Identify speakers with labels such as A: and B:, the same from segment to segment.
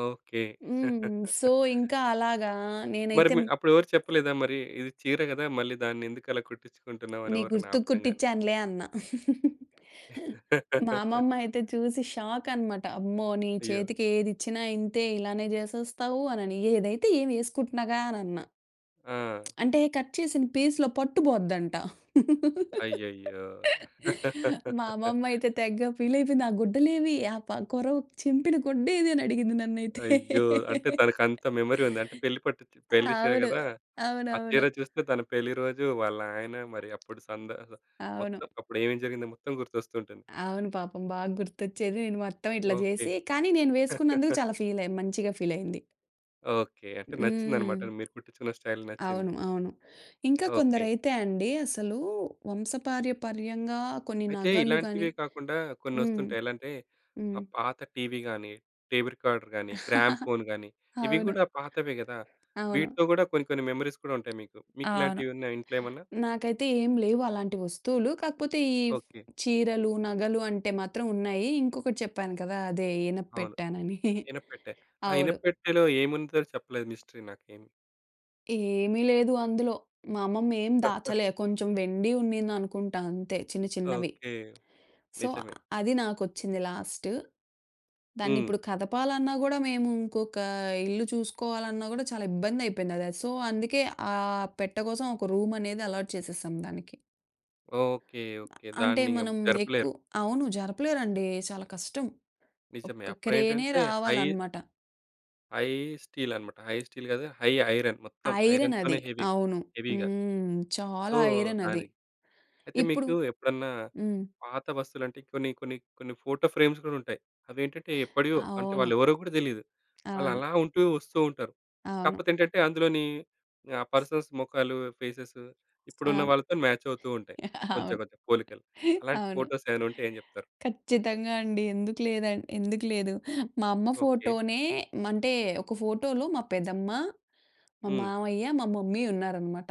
A: Okay.
B: హ్మ్. So, ఇంకా అలాగా
A: మరి మీ
B: నేనైతెం
A: అప్పుడెవరు చెప్పలేదా మరి? ఇది చీర గదా! మళ్ళీ దాన్ని, ఎందుకలా కుట్టించుకుంటున్నావని
B: నీ
A: ఎవరైనా
B: గుర్తుకు
A: ఆపడం గాని?
B: కుట్టించానులే అన్నా. మా అమ్మమ్మ అయితే చూసి షాక్ అనమాట. "అమ్మో! నీ
A: అయ్యో!
B: చేతికి ఏదిచ్చినా ఇంతే. ఇలానే జేసేస్తావు" అనని. ఏదైతే ఏమి యేసుకుంటున్నాగా అనన్నా.
A: ఆ!
B: అంటే, కట్ చేసిన పీస్‌లో పట్టు బోద్దంట.
A: అయ్యయ్యో!
B: మా అమ్మమ్మయితే తెగ ఫీల‌యిపోయింది. "ఆ గుడ్డలేవి ఆ ప కొరవుకు చింపిన గుడ్డేది" అని అడిగింది నన్నయితే.
A: అయ్యో! అంటే తనకంత మెమరీ ఉంది. అంటే పెళ్లి పట్టు పెళ్లి చీర
B: అవును.
A: గదా! ఆ చీర
B: అవునవును.
A: చూస్తే తన పెళ్లి రోజు, వాళ్ళయన, మరి అప్పుడు సందగొ
B: అవును.
A: మొత్తం, అప్పుడు ఏమేం జరిగిందో మొత్తం గుర్తొస్తుంటుంది.
B: అవును. పాపం బా గుర్తొచ్చేది. నేను మొత్తం ఇట్లా
A: ఓకే.
B: జేసి కానీ నేను వేసుకున్నందుకు చాలా ఫీలయి మంచిగా ఫీల‌యింది.
A: ఓకే. అంటే
B: హ్మ్.
A: నచ్చిందనమాట అది. మీరు కుట్టిచ్చుకున్న స్టైల్ నచ్చింది.
B: అవును. అవును. ఇంకా
A: ఓకే.
B: కొందరైతే అండి, అసలు వంశపార్యపర్యంగా కొన్ని
A: అయితే,
B: నగలు గాని
A: ఇలాంటివే కాకుండా
B: హ్మ్.
A: కొన్నొ‌స్తుంటాయి. ఎలా అంటే ఆ!
B: హ్మ్.
A: పాత టీవీ గాని, టేప్ రికార్డరు గాని, గ్రామ్‌ఫోను గాని ఇవి
B: అవును.
A: గూడా పాతవే గదా!
B: అవును.
A: వీటిలో గూడా కొన్ని, కొన్ని మెమోరీస్ కూడా ఉంటాయి మీకు.
B: అవును.
A: మీకిలాంటివి ఉన్నాయా ఇంట్లో ఏమన్నా?
B: నాకైతే ఏం లేవు అలాంటి వస్తువులు. కాకపోతే ఈ ఫ్
A: ఓకే.
B: చీరలు, నగలు, అంటే మాత్రం ఉన్నాయి. ఇంకొకటి చెప్పాను కదా! అదే
A: అవును.
B: ఇనప్పెట్టానని.
A: ఇనప్పెట్టే. ఆ
B: అవును.
A: ఇనప్పెట్టెలో ఏముందో చెప్పలేదు మిస్టరీ నాకేమి.
B: ఏమీ లేదు అందులో. మా అమ్మమ్మేం దాచలే. కొంచెం వెండి ఉండిందనుకుంటా అంతే. చిన్న, చిన్నవి.
A: ఓకే.
B: సో,
A: నిజమే.
B: అది నాకొచ్చింది లాస్టు. దాన్ని
A: హ్మ్.
B: ఇప్పుడు కదపాలన్నా గూడా, మేము ఇంకొక ఇల్లు చూసుకోవాలన్నా గూడా, చాలా ఇబ్బందయిపోయిందది. సో, అందుకే, ఆ పెట్ట కోసం ఒక రూమ్ అనేది అలాట్ చేసేసాం దానికి.
A: ఓకే. ఓకే.
B: అంటే,
A: దాన్ని ఎం
B: మనం ఎక్కు
A: జరపలేరు.
B: అవును. జరపలేరండి. చాలా కష్టం.
A: నిజమే.
B: ఒక్క క్రేనే
A: అప్పుడేంటంటే హై...
B: రావాలనమాట.
A: హై స్టీల్ అనమాట. హై స్టీల్ గాదు. High iron. మొత్తం
B: ఐరన్
A: ఐరన్‌తోనే
B: అది.
A: హెవీ
B: అవును.
A: హెవీ‌గా.
B: హ్మ్.
A: సో,
B: చాలా ఐరన్ అది.
A: దాని అయితే
B: ఇప్పుడు
A: మీకు ఎప్పుడన్నా
B: హ్మ్.
A: పాత వస్తువులంటే, కొన్ని కొన్ని కొన్ని ఫోటో ఫ్రేమ్స్ గూడా ఉంటాయి. అవేంటంటే ఎప్పడియో. అంటే
B: అవును.
A: వాళ్ళెవరో గూడా తెలీదు. వాళ్ళు
B: అవును.
A: అలా ఉంటూ వస్తూ ఉంటారు.
B: అవును.
A: కాకపోతే ఏంటంటే అందులోనీ, ఆ పర్సన్స్ మొఖాలు, ఫేసెస్ ఇప్పుడున్న
B: అవును.
A: వాళ్ళతో మ్యాచ్ అవుతూ ఉంటయి.
B: అవును.
A: కొంచెం, కొంచెం పోలికలు. అలాంటి
B: అవును.
A: ఫోటోస్ ఏమైనా ఉంటే ఏం జెప్తారు?
B: ఖచ్చితంగా అండి. ఎందుకు లేదన్ ఎందుకు లేదు. మా అమ్మ
A: ఓకే.
B: ఫోటో‌నే మంటే, ఒక ఫోటోలో మా పెద్దమ్మ, మా
A: హ్మ్.
B: మావయ్య, మా మమ్మీ ఉన్నారనమాట.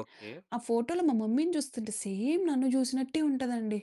A: ఓకే.
B: ఆ ఫోటోలో మా మమ్మీ‌ని చూస్తుంటే, సేమ్ నన్ను జూసినట్టే ఉంటదండి.